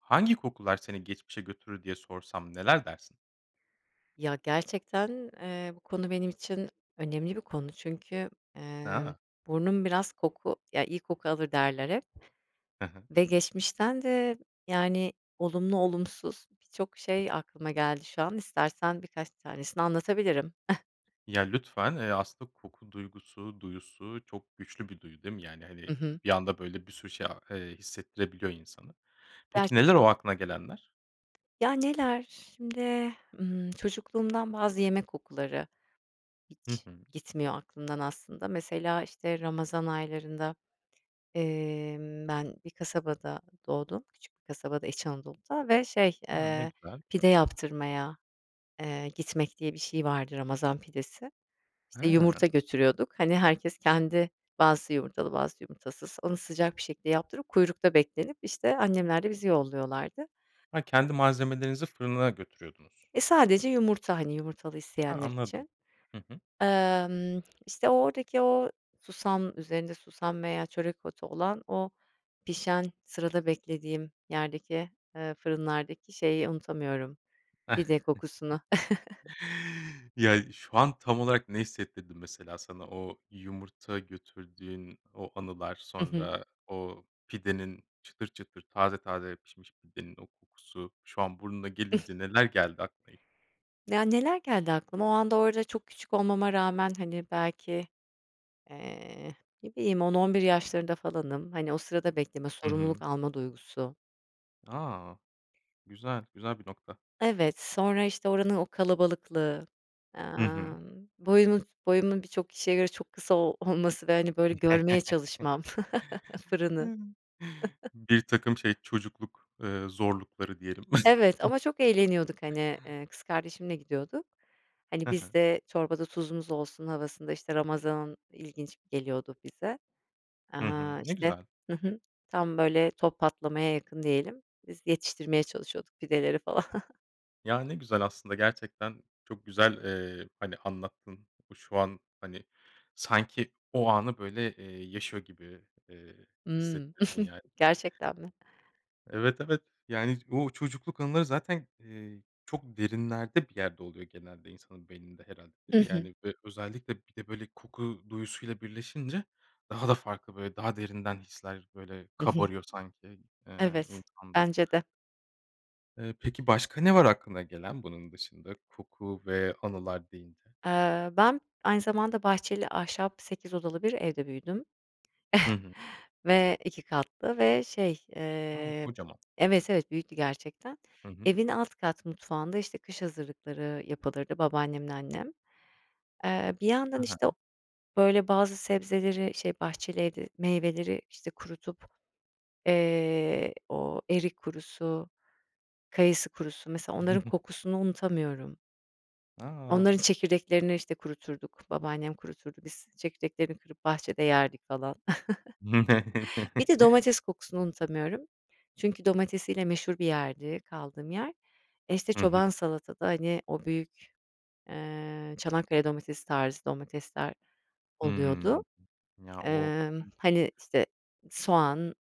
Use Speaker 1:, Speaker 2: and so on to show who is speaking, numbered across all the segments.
Speaker 1: Hangi kokular seni geçmişe götürür diye sorsam neler dersin?
Speaker 2: Ya, gerçekten, eee, bu konu benim için önemli bir konu, çünkü, eee,
Speaker 1: Ha.
Speaker 2: burnum biraz koku ya iyi koku alır derler hep.
Speaker 1: Hı hı.
Speaker 2: Ve geçmişten de, yani, olumlu, olumsuz birçok
Speaker 1: [unintelligible]
Speaker 2: şey aklıma geldi şu an, istersen birkaç tanesini anlatabilirim.
Speaker 1: Ya, lütfen, eee, aslında koku duygusu, duyusu çok güçlü bir duyu değil mi? Yani,
Speaker 2: Hı
Speaker 1: hani,
Speaker 2: hı.
Speaker 1: bir anda, böyle, bir sürü şey a eee, hissettirebiliyor insana. Peki, neler
Speaker 2: Gerçekten.
Speaker 1: o aklına gelenler?
Speaker 2: Ya, neler, şimdi, ımm, çocukluğumdan bazı yemek kokuları
Speaker 1: Hı
Speaker 2: hiç
Speaker 1: hı.
Speaker 2: gitmiyor aklımdan aslında. Mesela, işte, ramazan aylarında, emm, ben bir kasabada doğdum, küçük bir kasabada, İç Anadolu'da ve, şey,
Speaker 1: Hımm. Ne
Speaker 2: eee,
Speaker 1: güzel.
Speaker 2: pide yaptırmaya, eee, gitmek diye bir şey vardı ramazan pidesi. İşte, yumurta
Speaker 1: Ha.
Speaker 2: götürüyorduk, hani, herkes kendi bazısı yumurtalı bazısı, yumurtasız, onu sıcak bir şekilde yaptırıp kuyrukta beklenip, işte, annemler de bizi yolluyorlardı.
Speaker 1: Ha, kendi malzemelerinizi fırınına götürüyordunuz.
Speaker 2: Eee, sadece yumurta, hani, yumurtalı
Speaker 1: Ha,
Speaker 2: isteyenler
Speaker 1: anladım.
Speaker 2: için.
Speaker 1: Hı hı.
Speaker 2: Imm, işte, o oradaki o susam üzerinde susam veya çörek otu olan, o pişen, sırada beklediğim yerdeki, eee, fırınlardaki şeyi unutamıyorum, pide kokusunu.
Speaker 1: Ya, şu an, tam olarak, ne hissettirdim mesela sana, o yumurta götürdüğün o anılar,
Speaker 2: Hı hı.
Speaker 1: sonra o pidenin çıtır, çıtır, taze, taze pişmiş pidenin o kokusu şu an burnuna gelince neler geldi aklına ilk?
Speaker 2: Ya, neler geldi aklıma, o anda orada çok küçük olmama rağmen, hani, belki, eee, ne bileyim 10-11 yaşlarında falanım, hani, o sırada bekleme
Speaker 1: Hı
Speaker 2: sorumluluk
Speaker 1: hı.
Speaker 2: alma duygusu.
Speaker 1: A! Güzel, güzel bir nokta.
Speaker 2: Evet, sonra, işte, oranın o kalabalıklığı,
Speaker 1: Hı hı.
Speaker 2: emm, boyumu boyumun birçok kişiye göre çok kısa o olması ve, hani, böyle, görmeye çalışmam, fırını.
Speaker 1: Birtakım şey, çocukluk, eee, zorlukları diyelim.
Speaker 2: Evet, ama çok eğleniyorduk, hani, eee, kız kardeşimle gidiyorduk. Hani,
Speaker 1: He he.
Speaker 2: biz de çorbada tuzumuz olsun havasında, işte, ramazan ilginç geliyordu bize.
Speaker 1: Hı hı.
Speaker 2: Aaa,
Speaker 1: Ne
Speaker 2: işte,
Speaker 1: güzel.
Speaker 2: hı hı, tam böyle top patlamaya yakın diyelim, biz yetiştirmeye çalışıyorduk pideleri falan.
Speaker 1: Ya, ne güzel aslında, gerçekten, çok güzel, eee, hani, anlattın. Şu an, hani, sanki o anı böyle, eee, yaşıyor gibi, eee,
Speaker 2: Hımm.
Speaker 1: hissettirdin yani.
Speaker 2: Gerçekten mi?
Speaker 1: Evet, evet. Yani, o çocukluk anıları zaten, eee, çok derinlerde bir yerde oluyor genelde insanın beyninde, herhâlde, değil
Speaker 2: Hı
Speaker 1: mi?
Speaker 2: hı.
Speaker 1: Yani, ö özellikle bir de, böyle koku duyusuyla birleşince daha da farklı, böyle, daha derinden hisler, böyle,
Speaker 2: Hı hı.
Speaker 1: kabarıyor sanki, eee,
Speaker 2: Evet,
Speaker 1: insanda.
Speaker 2: bence de.
Speaker 1: Eee, peki, başka ne var aklına gelen bunun dışında koku ve anılar deyince?
Speaker 2: Eee, ben aynı zamanda bahçeli, ahşap, 8 odalı bir evde büyüdüm
Speaker 1: Hı hı.
Speaker 2: ve 2 katlı ve şey,
Speaker 1: A,
Speaker 2: eee
Speaker 1: kocaman.
Speaker 2: evet, evet, büyüktü gerçekten.
Speaker 1: Hı hı.
Speaker 2: Evin alt kat mutfağında, işte, kış hazırlıkları yapılırdı babaannemle annem. Eee, bir
Speaker 1: Ha
Speaker 2: yandan, işte, o
Speaker 1: ha.
Speaker 2: böyle bazı sebzeleri, şey, bahçeli evde meyveleri, işte, kurutup, eee, o erik kurusu, kayısı kurusu, mesela, onların kokusunu unutamıyorum. Onların
Speaker 1: A!
Speaker 2: çekirdeklerini, işte, kuruturduk, babaannem kuruturdu, biz çekirdeklerini kırıp bahçede yerdik falan. Bir de domates kokusunu unutamıyorum çünkü domatesiyle meşhur bir yerdi kaldığım yer. Eee, işte,
Speaker 1: Hı hı.
Speaker 2: çoban salatada, hani, o büyük, eee, Çanakkale domatesi tarzı domatesler oluyordu.
Speaker 1: Hımm. Ya o.
Speaker 2: Emm,
Speaker 1: [unintelligible]
Speaker 2: hani, işte, soğan,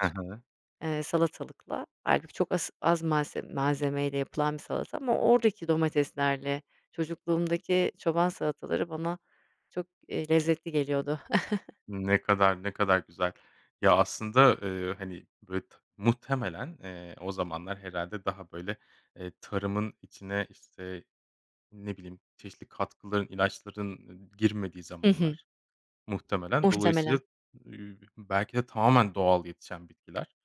Speaker 1: Hı hı.
Speaker 2: eee, salatalıkla, hâlbuki, çok as az malse malzemeyle yapılan bir salata ama oradaki domateslerle çocukluğumdaki çoban salataları bana çok, eee, lezzetli geliyordu.
Speaker 1: Ne kadar, ne kadar güzel. Ya, aslında, ııı, hani, bit muhtemelen, eee, o zamanlar, herhâlde, daha böyle, eee, tarımın içine, işte, ne bileyim, çeşitli katkıların, ilaçların i girmediği
Speaker 2: Hı hı.
Speaker 1: zamanlar, muhtemelen. Dolayısıyla,
Speaker 2: Muhtemelen.
Speaker 1: eee, belki de, tamamen doğal yetişen bitkiler.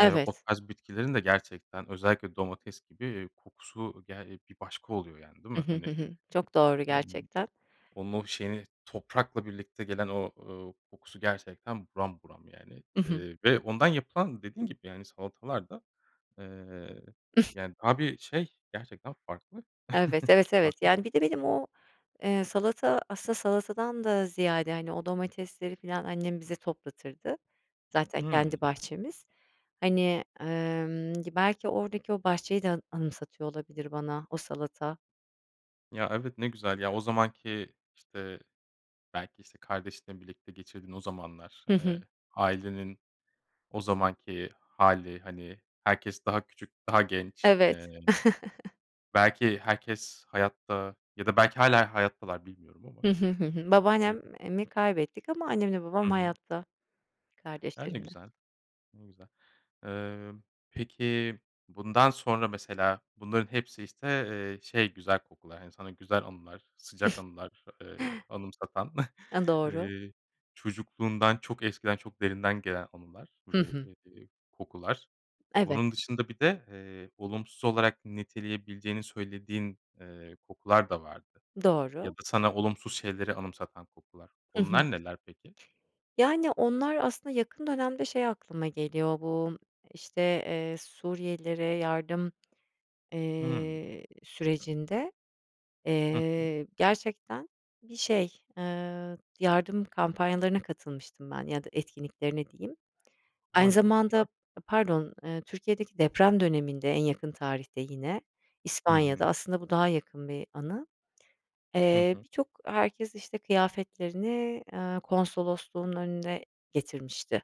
Speaker 1: Eee, o tarz bitkilerin de, gerçekten, özellikle domates gibi, eee, kokusu, ge eee, bir başka oluyor, yani, değil
Speaker 2: Hı
Speaker 1: mi?
Speaker 2: hı, hı
Speaker 1: Hani,
Speaker 2: hı. Çok doğru
Speaker 1: [unintelligible]
Speaker 2: gerçekten.
Speaker 1: onun, o şeyini, toprakla birlikte gelen o, ııı, kokusu, gerçekten, buram buram, yani,
Speaker 2: I hı.
Speaker 1: eee, ve ondan yapılan, dediğin gibi, yani, salatalar da, eee, yani, daha bir şey, gerçekten farklı.
Speaker 2: Evet, evet, evet,
Speaker 1: Farklı.
Speaker 2: yani, bir de benim o, eee, salata, aslında, salatadan da ziyade, hani, o domatesleri, falan, annem bize toplatırdı, zaten kendi
Speaker 1: Hımm.
Speaker 2: bahçemiz. Hani, emm, gi belki, oradaki o bahçeyi de, a anımsatıyor olabilir bana, o salata.
Speaker 1: Ya, evet ne güzel, ya, o zamanki, işte, belki, işte, kardeşinle birlikte geçirdiğin o zamanlar,
Speaker 2: Hı
Speaker 1: eee,
Speaker 2: hı.
Speaker 1: ailenin o zamanki hâli, hani, herkes daha küçük, daha genç. Eee,
Speaker 2: Evet.
Speaker 1: belki herkes hayatta ya da belki hâlen hayattalar bilmiyorum ama.
Speaker 2: Hı hı, hı hı. Babaannem
Speaker 1: [unintelligible]
Speaker 2: e mi kaybettik ama annemle babam
Speaker 1: Hı hı.
Speaker 2: hayatta.
Speaker 1: A, ne
Speaker 2: Kardeşlerim de.
Speaker 1: güzel. Ne güzel. Eee, peki, bundan sonra mesela bunların hepsi, işte, eee, şey güzel kokular, hani sana güzel anılar, sıcak anılar, eee, anımsatan,
Speaker 2: Eee, doğru.
Speaker 1: eee, çocukluğundan, çok eskiden, çok derinden gelen anılar
Speaker 2: Hı
Speaker 1: ve,
Speaker 2: hı.
Speaker 1: eee, kokular. Bunun
Speaker 2: Evet.
Speaker 1: dışında bir de, eee, olumsuz olarak niteleyebileceğini söylediğin, eee, kokular da vardı ya
Speaker 2: Doğru.
Speaker 1: da sana olumsuz şeyleri anımsatan kokular.
Speaker 2: Hı hı.
Speaker 1: Onlar neler peki?
Speaker 2: Yani, onlar, aslında yakın dönemde şey aklıma geliyor bu, işte, eee, Suriyelilere yardım,
Speaker 1: Hıı.
Speaker 2: eee, sürecinde,
Speaker 1: Hı hı.
Speaker 2: eee, gerçekten bir şey, ııı, yardım kampanyalarına katılmıştım ben ya da etkinliklerine diyeyim. Aynı
Speaker 1: A, çok
Speaker 2: zamanda,
Speaker 1: güzel.
Speaker 2: eee, pardon, eee, Türkiye'deki deprem döneminde, en yakın tarihte yine,
Speaker 1: Hı
Speaker 2: İspanya'da,
Speaker 1: hı.
Speaker 2: aslında bu daha yakın bir anı.
Speaker 1: Hı
Speaker 2: Eee,
Speaker 1: hı.
Speaker 2: birçok, herkes işte kıyafetlerini, aaa, konsolosluğun önüne getirmişti.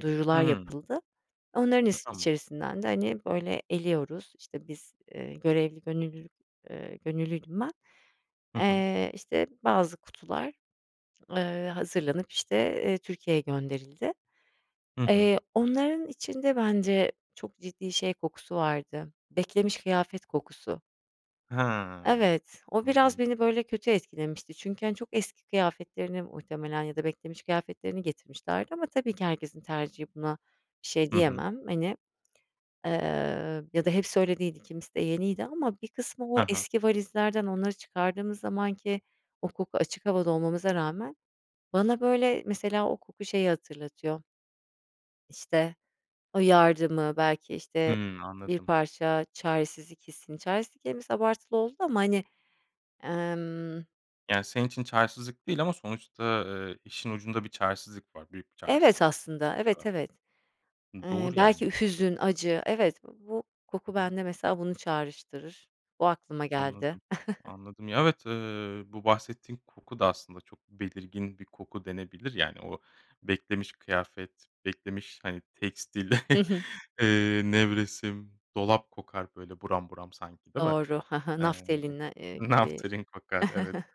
Speaker 2: Duyurular
Speaker 1: Hıı.
Speaker 2: yapıldı. Onların is
Speaker 1: Tamam.
Speaker 2: içerisinden de, hani, böyle eliyoruz, işte, biz, eee, görevli, gönüllülük, eee, gönüllüydüm ben.
Speaker 1: Hı hı.
Speaker 2: Eee, işte bazı kutular, ııı, hazırlanıp, işte, eee, Türkiye'ye gönderildi.
Speaker 1: Hı hı.
Speaker 2: Eee, onların içinde bence çok ciddi şey kokusu vardı. Beklemiş kıyafet kokusu.
Speaker 1: Hee,
Speaker 2: Evet, o biraz
Speaker 1: anladım.
Speaker 2: beni, böyle, kötü etkilemişti çünkü, hani, çok eski kıyafetlerini muhtemelen ya da beklemiş kıyafetlerini getirmişlerdi ama tabii ki herkesin tercihi buna bir şey
Speaker 1: Hı hı.
Speaker 2: diyemem. Hani, ııı, ya da hepsi öyle değildi kimisi de yeniydi ama bir kısmı o
Speaker 1: Ha ha.
Speaker 2: eski valizlerden onları çıkardığımız zamanki o koku açık havada olmamıza rağmen bana, böyle, mesela o koku şeyi hatırlatıyor işte, o yardımı, belki, işte,
Speaker 1: Hımm,
Speaker 2: bir
Speaker 1: anladım.
Speaker 2: parça çaresizlik hissini, çaresizlik kelimesi abartılı oldu ama, hani, emm
Speaker 1: Yani, senin için çaresizlik değil ama sonuçta, eee, işin ucunda bir çaresizlik var, büyük bir
Speaker 2: Evet,
Speaker 1: çaresizlik.
Speaker 2: aslında, evet,
Speaker 1: [unintelligible]
Speaker 2: evet.
Speaker 1: Iıı,
Speaker 2: Eee,
Speaker 1: doğru,
Speaker 2: belki ü
Speaker 1: yani.
Speaker 2: hüzün, acı, evet, bu
Speaker 1: Hı
Speaker 2: koku
Speaker 1: hı.
Speaker 2: bende mesela bunu çağrıştırır, o aklıma geldi.
Speaker 1: Anladım, anladım. Ya, evet, eee, bu bahsettiğin koku da aslında çok belirgin bir koku denebilir. Yani, o beklemiş kıyafet, beklemiş, hani, tekstil,
Speaker 2: Hı hı.
Speaker 1: eee, nevresim, dolap kokar, böyle, buram buram sanki, değil mi?
Speaker 2: Doğru, he he,
Speaker 1: Eee,
Speaker 2: naftalin n eee, gibi.
Speaker 1: naftalin kokar, evet.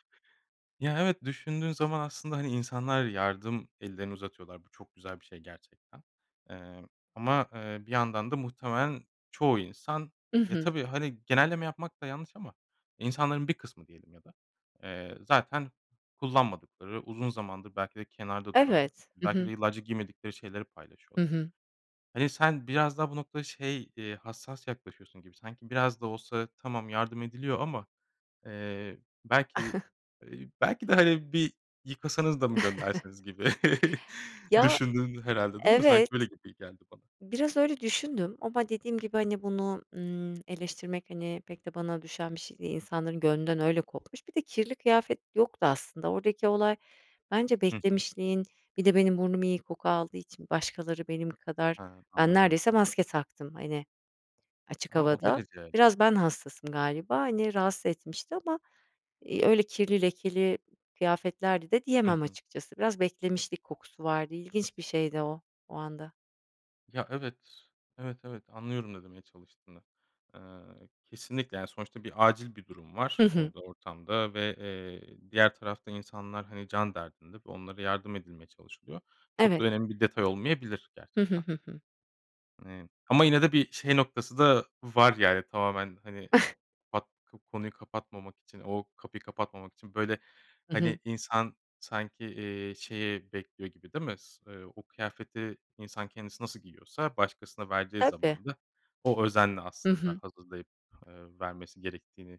Speaker 1: Ya evet, düşündüğün zaman aslında, hani, insanlar yardım ellerini uzatıyorlar. Bu çok güzel bir şey gerçekten. Emm, ama, eee, bir yandan da muhtemelen çoğu insan
Speaker 2: I
Speaker 1: ya,
Speaker 2: hı.
Speaker 1: tabii, hani, genelleme yapmak da yanlış ama insanların bir kısmı diyelim ya da, eee, zaten kullanmadıkları uzun zamandır belki de kenarda duran
Speaker 2: Evet, hı
Speaker 1: belki
Speaker 2: hı.
Speaker 1: de yıllarca giymedikleri şeyleri
Speaker 2: Hı
Speaker 1: paylaşıyorlar.
Speaker 2: hı.
Speaker 1: Hani, sen biraz daha bu noktada şey, iii, hassas yaklaşıyorsun gibi sanki biraz da olsa tamam yardım ediliyor ama, eee, belki, iii, belki de, hani, bir yıkasanız da mı göndersiniz gibi
Speaker 2: Ya,
Speaker 1: düşündün herhâlde, değil mi? Sanki böyle
Speaker 2: evet.
Speaker 1: gibi geldi bana.
Speaker 2: Biraz öyle düşündüm ama dediğim gibi, hani, bunu, ımm, eleştirmek, hani, pek de bana düşen bir şey değil, insanların gönlünden öyle kopmuş, bir de kirli kıyafet yoktu aslında oradaki olay bence
Speaker 1: Hı hı.
Speaker 2: beklemişliğin, bir de benim burnum iyi koku aldığı için başkaları benim kadar
Speaker 1: He,
Speaker 2: ben
Speaker 1: anladım.
Speaker 2: neredeyse maske taktım, hani, açık
Speaker 1: A! O
Speaker 2: havada.
Speaker 1: derece.
Speaker 2: Biraz ben hassasım galiba, hani, rahatsız etmişti ama, iii, öyle kirli lekeli kıyafetlerdi de
Speaker 1: Hı
Speaker 2: diyemem
Speaker 1: hı.
Speaker 2: açıkçası, biraz beklemişlik kokusu vardı, ilginç bir şeydi o, o anda.
Speaker 1: Ya, evet. Evet, evet anlıyorum ne demeye çalıştığını. Eee, kesinlikle, yani, sonuçta bir acil bir durum var
Speaker 2: Hı hı.
Speaker 1: orada ortamda ve, eee, diğer tarafta insanlar, hani, can derdinde ve onlara yardım edilmeye çalışılıyor. Çok da
Speaker 2: Evet.
Speaker 1: önemli bir detay olmayabilir
Speaker 2: Hı hı,
Speaker 1: gerçekten.
Speaker 2: hı hı.
Speaker 1: Hani, ama yine de bir şey noktası da var, yani, tamamen, hani, pat ko konuyu kapatmamak için, o kapıyı kapatmamak için, böyle,
Speaker 2: I hı.
Speaker 1: hani, insan sanki, eee, şeyi bekliyor gibi değil mi? S eee, o kıyafeti insan kendisi nasıl giyiyorsa başkasına verdiği
Speaker 2: Tabii.
Speaker 1: zaman da o özenle
Speaker 2: Hı
Speaker 1: aslında
Speaker 2: hı.
Speaker 1: hazırlayıp, eee, vermesi gerektiğini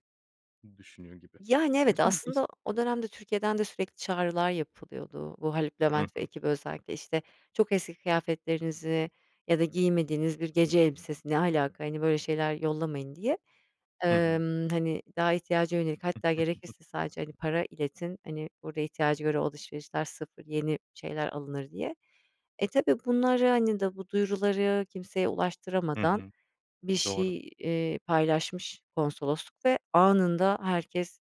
Speaker 1: düşünüyor gibi.
Speaker 2: Yani, evet,
Speaker 1: Güzel [unintelligible]
Speaker 2: aslında o dönemde Türkiye'den de sürekli çağrılar yapılıyordu. Bu Haluk
Speaker 1: Hı
Speaker 2: Levent ve
Speaker 1: hı.
Speaker 2: ekibi özellikle. İşte, "Çok eski kıyafetlerinizi ya da giymediğiniz bir gece elbisesi Ne alaka? Hani, böyle şeyler yollamayın." diye.
Speaker 1: Hı hı.
Speaker 2: Emm, hani, "Daha ihtiyaca yönelik hatta gerekirse sadece, hani, para iletin, hani, burada ihtiyaca göre o alışverişler sıfır, yeni şeyler alınır." diye. E, tabii bunları, hani, da bu duyuruları kimseye
Speaker 1: Hı
Speaker 2: ulaştıramadan
Speaker 1: hı.
Speaker 2: bir
Speaker 1: Doğru.
Speaker 2: şey, eee, paylaşmış konsolosluk ve anında herkes,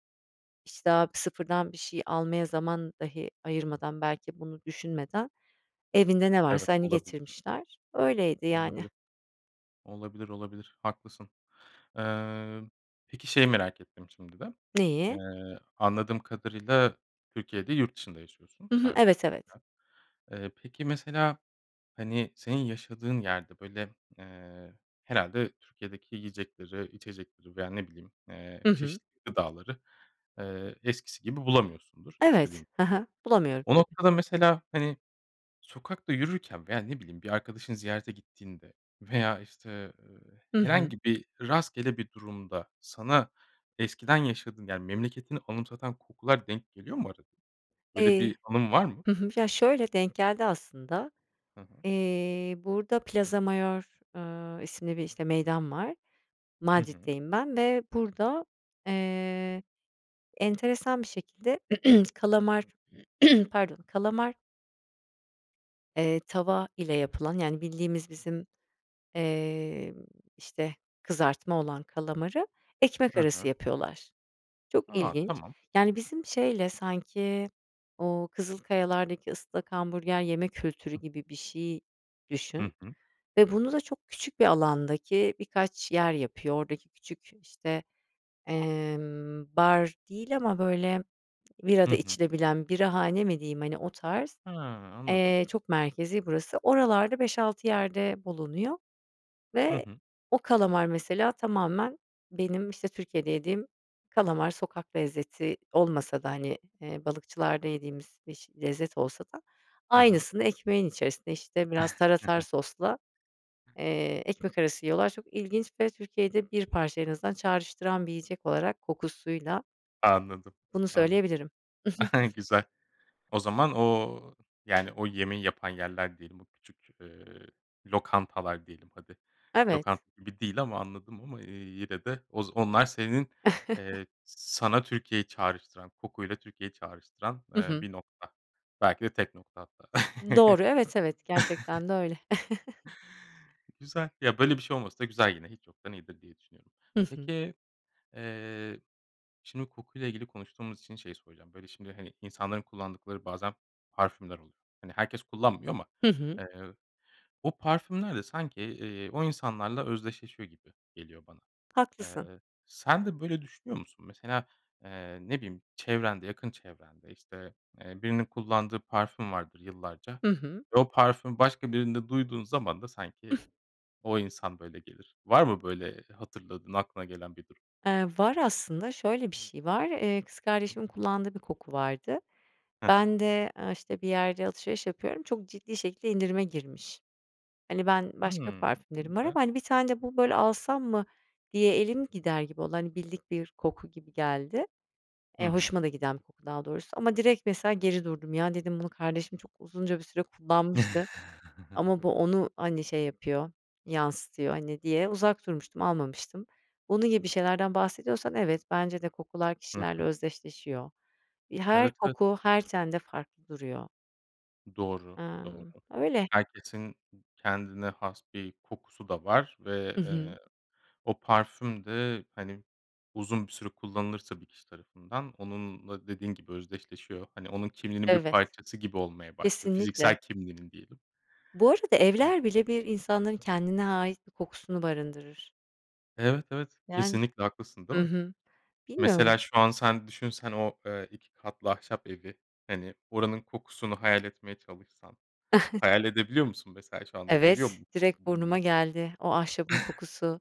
Speaker 2: işte, a bir sıfırdan bir şey almaya zaman dahi ayırmadan, belki bunu düşünmeden evinde ne
Speaker 1: Evet,
Speaker 2: varsa, hani,
Speaker 1: olabilir.
Speaker 2: getirmişler. Öyleydi,
Speaker 1: Tam da
Speaker 2: yani.
Speaker 1: böyle Olabilir, olabilir haklısın. Eee, peki şeyi merak ettim şimdi de. Eee,
Speaker 2: Neyi?
Speaker 1: anladığım kadarıyla Türkiye değil yurt dışında yaşıyorsun
Speaker 2: Hı hı,
Speaker 1: sanki,
Speaker 2: evet, evet.
Speaker 1: hı hı. Eee, peki mesela, hani, senin yaşadığın yerde, böyle, eee, herhâlde Türkiye'deki yiyecekleri, içecekleri veya ne bileyim,
Speaker 2: I
Speaker 1: eee,
Speaker 2: hı.
Speaker 1: çeşitli gıdaları, eee, eskisi gibi bulamıyorsundur istediğin
Speaker 2: Evet, ha
Speaker 1: zaman.
Speaker 2: ha. Bulamıyorum
Speaker 1: O
Speaker 2: tabii.
Speaker 1: noktada mesela, hani, sokakta yürürken veya ne bileyim bir arkadaşını ziyarete gittiğinde veya, işte, eee,
Speaker 2: I hı.
Speaker 1: herhangi bir rastgele bir durumda sana eskiden yaşadığın, yani, memleketini anımsatan kokular denk geliyor mu arada? Böyle
Speaker 2: Eee
Speaker 1: bir anın var mı?
Speaker 2: hı hı. Ya, şöyle, denk geldi aslında.
Speaker 1: Hı hı.
Speaker 2: Eee, burada Plaza Mayor, ııı, isimli bir, işte, meydan var.
Speaker 1: Hı hı.
Speaker 2: Madrid'deyim ben ve burada, eee, enteresan bir şekilde kalamar pardon kalamar eee tava ile yapılan, yani, bildiğimiz bizim, emm, işte, kızartma olan kalamarı ekmek
Speaker 1: Ha
Speaker 2: arası
Speaker 1: ha.
Speaker 2: yapıyorlar. Çok
Speaker 1: A,
Speaker 2: ilginç.
Speaker 1: tamam.
Speaker 2: Yani, bizim şeyle sanki o Kızılkayalar'daki ıslak hamburger yeme kültürü gibi bir şey
Speaker 1: Hı
Speaker 2: düşün
Speaker 1: hı.
Speaker 2: ve bunu da çok küçük bir alandaki birkaç yer yapıyor. Oradaki küçük, işte, emm, bar değil ama, böyle, bira
Speaker 1: Hı
Speaker 2: da
Speaker 1: hı.
Speaker 2: içilebilen birahane mi diyeyim? Hani, o tarz.
Speaker 1: Ha, anladım.
Speaker 2: Eee, çok merkezi burası. Oralarda 5-6 yerde bulunuyor
Speaker 1: Hı
Speaker 2: ve
Speaker 1: hı.
Speaker 2: o kalamar mesela tamamen benim, işte, Türkiye'de yediğim kalamar. Sokak lezzeti olmasa da, hani, eee, balıkçılarda yediğimiz biş lezzet olsa da
Speaker 1: Ha ha.
Speaker 2: aynısını ekmeğin içerisinde, işte, biraz tarator sosla, eee, ekmek arası yiyorlar. Çok ilginç ve Türkiye'yi de bir parça en azından çağrıştıran bir yiyecek olarak kokusuyla
Speaker 1: Anladım,
Speaker 2: Bunu
Speaker 1: anladım.
Speaker 2: söyleyebilirim.
Speaker 1: Güzel. O zaman o, yani, o yemeği yapan yerler diyelim, bu küçük, eee, lokantalar diyelim hadi.
Speaker 2: Evet.
Speaker 1: Lokanta gibi değil ama anladım ama, eee, yine de oz onlar senin, eee, sana Türkiye'yi çağrıştıran, koku ile Türkiye'yi çağrıştıran,
Speaker 2: I
Speaker 1: eee,
Speaker 2: hı.
Speaker 1: 1 nokta, belki de tek nokta hatta.
Speaker 2: Doğru, evet, evet. Gerçekten de öyle.
Speaker 1: Güzel. Ya, böyle bir şey olması da güzel yine. Hiç yoktan iyidir diye düşünüyorum.
Speaker 2: I hı.
Speaker 1: Peki, eee, şimdi koku ile ilgili konuştuğumuz için şeyi soracağım. Böyle, şimdi, hani, insanların kullandıkları bazen parfümler oluyor. Hani, herkes kullanmıyor ama,
Speaker 2: Hı hı.
Speaker 1: eee, o parfümler de sanki, eee, o insanlarla özdeşleşiyor gibi geliyor bana.
Speaker 2: Haklısın.
Speaker 1: Eee, sen de böyle düşünüyor musun? Mesela, eee, ne bileyim çevrende, yakın çevrende, işte, eee, birinin kullandığı parfüm vardır yıllarca
Speaker 2: I hı.
Speaker 1: ve o parfümü başka birinde duyduğun zaman da sanki o insan, böyle, gelir. Var mı böyle hatırladığın aklına gelen bir durum?
Speaker 2: Eee, var aslında. Şöyle bir şey var, eee, kız kardeşimin kullandığı bir koku vardı.
Speaker 1: Ha ha.
Speaker 2: Ben de, aaa, işte, bir yerde alışveriş yapıyorum, çok ciddi şekilde indirime girmiş. Hani, ben başka
Speaker 1: Hımm, ne
Speaker 2: parfümlerim var
Speaker 1: güzel.
Speaker 2: ama, hani, "1 tane de bu, böyle, alsam mı?" diye elim gider gibi oldu, hani, bildik bir koku gibi geldi.
Speaker 1: Hı
Speaker 2: Eee,
Speaker 1: hı.
Speaker 2: hoşuma da giden bir koku daha doğrusu. Ama direkt mesela geri durdum. "Ya" dedim, "...bunu kardeşim çok uzunca bir süre kullanmıştı. Ama bu onu, hani, şey yapıyor, yansıtıyor." hani, diye uzak durmuştum, almamıştım. Onun gibi bir şeylerden bahsediyorsan, evet, bence de kokular
Speaker 1: Hı
Speaker 2: kişilerle
Speaker 1: hı.
Speaker 2: özdeşleşiyor. İ her
Speaker 1: Evet, evet.
Speaker 2: koku her tende farklı duruyor.
Speaker 1: Doğru, doğru.
Speaker 2: Emm. Öyle.
Speaker 1: Herkesin kendine has bir kokusu da var ve,
Speaker 2: I hı.
Speaker 1: eee, o parfüm de, hani, uzun bir süre kullanılırsa bir kişi tarafından, onunla dediğin gibi özdeşleşiyor. Hani, onun kimliğinin bir
Speaker 2: Evet,
Speaker 1: parçası gibi olmaya başlıyor,
Speaker 2: kesinlikle.
Speaker 1: fiziksel kimliğinin diyelim.
Speaker 2: Bu arada evler bile bir insanların kendine ait bir kokusunu barındırır.
Speaker 1: Evet, evet.
Speaker 2: Yani,
Speaker 1: Kesinlikle haklısın, değil
Speaker 2: hı
Speaker 1: mi?
Speaker 2: hı. Bilmiyorum.
Speaker 1: Mesela, şu an sen düşünsen o, eee, 2 katlı ahşap evi, hani, oranın kokusunu hayal etmeye çalışsan. Hayal edebiliyor musun mesela, şu anda geliyor
Speaker 2: Evet,
Speaker 1: mu koku
Speaker 2: direkt burnuma
Speaker 1: burnuna?
Speaker 2: geldi, o ahşabın kokusu,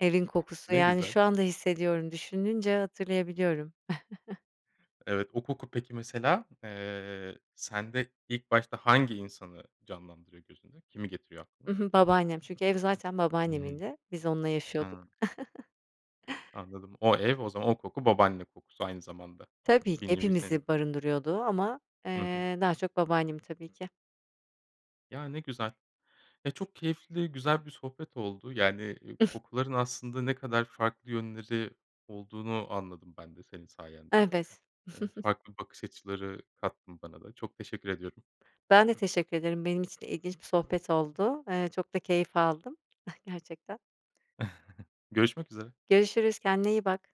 Speaker 2: evin kokusu,
Speaker 1: Ne
Speaker 2: yani,
Speaker 1: güzel.
Speaker 2: şu anda hissediyorum düşününce hatırlayabiliyorum.
Speaker 1: Evet. O koku peki, mesela, eee, sende ilk başta hangi insanı canlandırıyor gözünde? Kimi getiriyor
Speaker 2: I
Speaker 1: aklına?
Speaker 2: hı. Babaannem, çünkü ev zaten
Speaker 1: Hı hı.
Speaker 2: babaannemindi, biz onunla yaşıyorduk.
Speaker 1: Ha. Anladım. O ev o zaman, o koku babaanne kokusu aynı zamanda.
Speaker 2: Tabii.
Speaker 1: Bir nevi seni
Speaker 2: Hepimizi barındırıyordu ama,
Speaker 1: Hı hı.
Speaker 2: eee, daha çok babaannemi tabii ki.
Speaker 1: Ya, ne güzel. Ya, çok keyifli, güzel bir sohbet oldu. Yani, iii, kokuların aslında ne kadar farklı yönleri olduğunu anladım ben de senin sayende.
Speaker 2: Evet.
Speaker 1: Eee, farklı bakış açıları kattın bana da. Çok teşekkür ediyorum.
Speaker 2: Ben de teşekkür ederim. Benim için de ilginç bir sohbet oldu, eee, çok da keyif aldım, eh, gerçekten.
Speaker 1: Görüşmek üzere.
Speaker 2: Görüşürüz, kendine iyi bak.